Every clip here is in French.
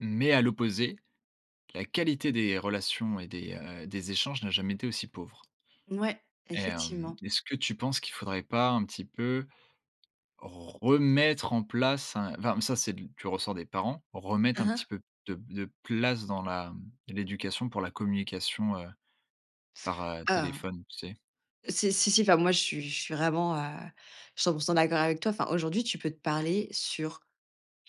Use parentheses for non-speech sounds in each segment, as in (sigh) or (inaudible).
Mais à l'opposé, la qualité des relations et des, heu, des échanges n'a jamais été aussi pauvre. N ouais, Et hem, effectivement. est-ce que tu penses qu'il faudrait pas un petit peu, remettre en place un enfin, mais ça c'est de l du ressort des parents, remettre Hein, un petit hein. peu de de place dans la, hem, de l'éducation pour la communication, heu, par, heu, Heu, téléphone tu sais? c'est si si, enfin moi je suis je suis vraiment, heu, 100 % d'accord avec toi. Enfin, aujourd'hui tu peux te parler sur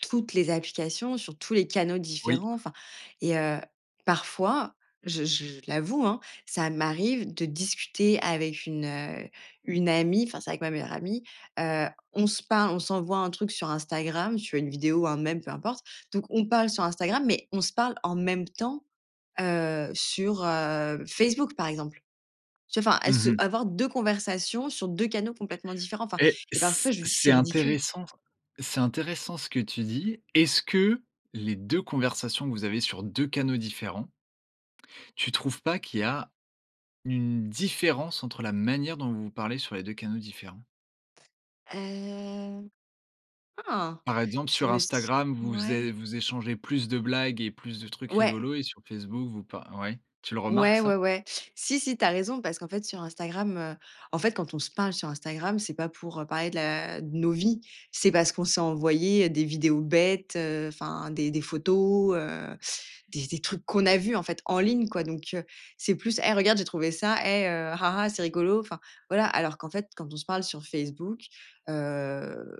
toutes les applications, sur tous les canaux Oui. différents, enfin et heu, parfois je je je l'avoue hein, ça m'arrive de discuter avec une, heu, une amie, enfin, c'est avec ma meilleure amie, heu, on se parle, on s'envoie un truc sur Instagram, tu vois une vidéo ou un mème, peu importe, donc on parle sur Instagram, mais on se parle en même temps, heu, sur, heu, Facebook par exemple. Tu vois enfin à Mmh ce mh. avoir 2 conversations sur 2 canaux complètement différents, enfin Et et parfois c je lui dis: c'est «c'est ridicule». intéressant s c'est intéressant ce que tu dis. Est-ce que les 2 conversations que vous avez sur 2 canaux différents tu trouves pas qu'il y a une différence entre la manière dont vous vous parlez sur les 2 canaux différents? Hem. Ah, Par exemple je sur me s Instagram, vous é ouais. vous échangez plus de blagues et plus de trucs Ouais. rigolos et sur Facebook vous par ouais. Tu le remarques Ouais, ouais, ça? ouais. Si, si, tu as raison, parce qu'en fait sur Instagram, heu, en fait quand on se parle sur Instagram c'est pas pour, heu, parler de la de nos vies. C'est parce qu'on s'est envoyé, heu, des vidéos bêtes, heu, enfin, des des photos, heu, des des trucs qu'on a vu en fait en ligne quoi, donc, heu, c'est plus: «Hey regarde, j'ai trouvé ça et heu, ah ah, c'est rigolo», enfin voilà. Alors qu'en fait quand on se parle sur Facebook, heu,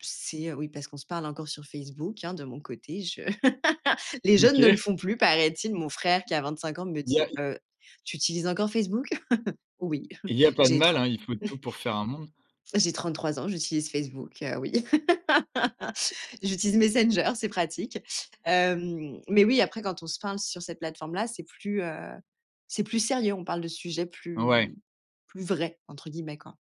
c'est oui parce qu'on se parle encore sur Facebook, hein, de mon côté je (laughs) les jeunes ne le OK. font plus paraît-il. Mon frère qui a 25 ans me Il y a, dit: y il y a, y «Heu, tu utilises encore Facebook?» (chuckles) Oui. il y a pas de J'ai mal tren hein, il faut de tout (chuckles) pour faire un monde. j'ai 33 ans, j'utilise Facebook, heu, oui. (laughs) J'utilise Messenger, c'est pratique, hem, mais oui après, quand on se parle sur cette plateforme là c'est plus, heu, c'est plus sérieux. On parle de sujets plus Ouais. plus «vrais» entre guillemets quoi.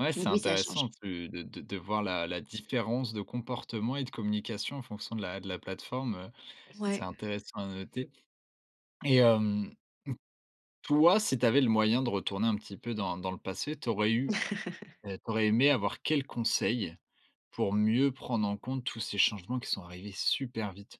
Ouais, Donc, c'est oui ça intéressant change. tu de de de voir la la différence de comportement et de communication en fonction de la de la plateforme, heu, c'est Ouais. intéressant à noter et hem, toi, si tu avais le moyen de retourner un petit peu dans dans le passé, tu aurais eu (chuckles) heu, tu aurais aimé avoir quel conseil, pour mieux prendre en compte tous ces changements qui sont arrivés super vite?